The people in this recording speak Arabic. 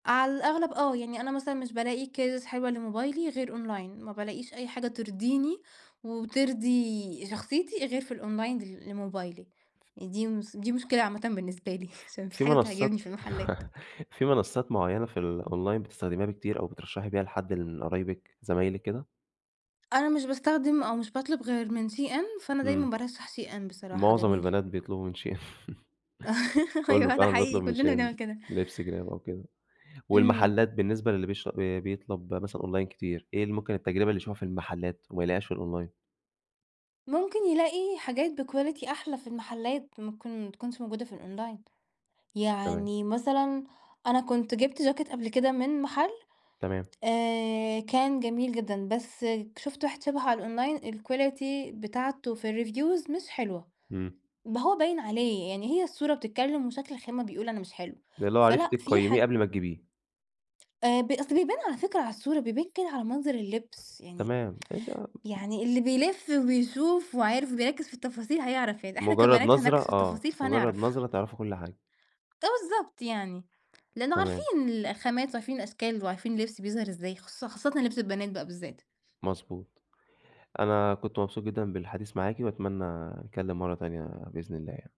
على الأغلب آه، يعني أنا مثلًا مش بالاقي cases حلوة لموبايلي غير أونلاين، ما بالاقيش أي حاجة ترضيني وترضي شخصيتي غير في الأونلاين ل لموبايلي، [unintelligible] يعني دي مس دي مشكلة عامةً بالنسبة لي ف علشان ما فيش في حاجة بتعجبني منصات في المحلات. في منصات معينة في الأونلاين بتستخدميها بكتير أو بترشحي بيها لحد من قرايبِك، زمايلِك، كده؟ أنا مش باستخدم أو مش باطلب غير من SHEIN، فأنا دايمًا إمم. بارشح SHEIN بصراحة معظم جميل. البنات بيطلبوا من SHEIN، كله أيوه ده فعلًا حقيقي، بيطلب من كلنا SHEIN، بنعمل كده. لبْس، جِراب أو كده. إمم. والمحلات بالنسبة للي بيش ب بيطلب مثلًا أونلاين كتير، إيه ال ممكن التجربة اللي يشوفها في المحلات وما يلاقيهاش في الأونلاين؟ ممكن يلاقي حاجات بquality أحلى في المحلات، ممكن ما تكونش موجودة في الأونلاين، تمام. يعني مثلًا أنا كنت جِبت جاكيت قبل كده من محل تمام. آآ، كان جميل جدًا بس شُفت واحد شبهه على الأونلاين الquality بتاعته في الreviews مش حلوة، إمم. ما هو باين عليه، يعني هي الصورة بتتكلم وشكل الخامة بيقول أنا مش حلو، اللي هو عرفتِ فلأ فيه تقيميه حاج قبل ما تجيبيه. آآ، ب أصل بيبان على فكرة على الصورة بيبان كده على منظر اللبس، يعني تمام. إيه ده! م يعني اللي بيلف وبيشوف وعارف وبيركز في التفاصيل هيعرف يعني، إحنا مجرد كبنات نظرة هنركز في آه، التفاصيل مجرد فهنعرف. نظرة تعرفوا كل حاجة. فبالضبط يعني، لأنه عارفين تمام. ال الخامات وعارفين الأشكال وعارفين اللبس بيظهر إزاي خص خاصةً لبْس البنات بقى بالذات. مضبوط. أنا كنت مبسوط جدًا بالحديث معاكِ، وأتمنى نتكلم مرة تانية بإذن الله يعني.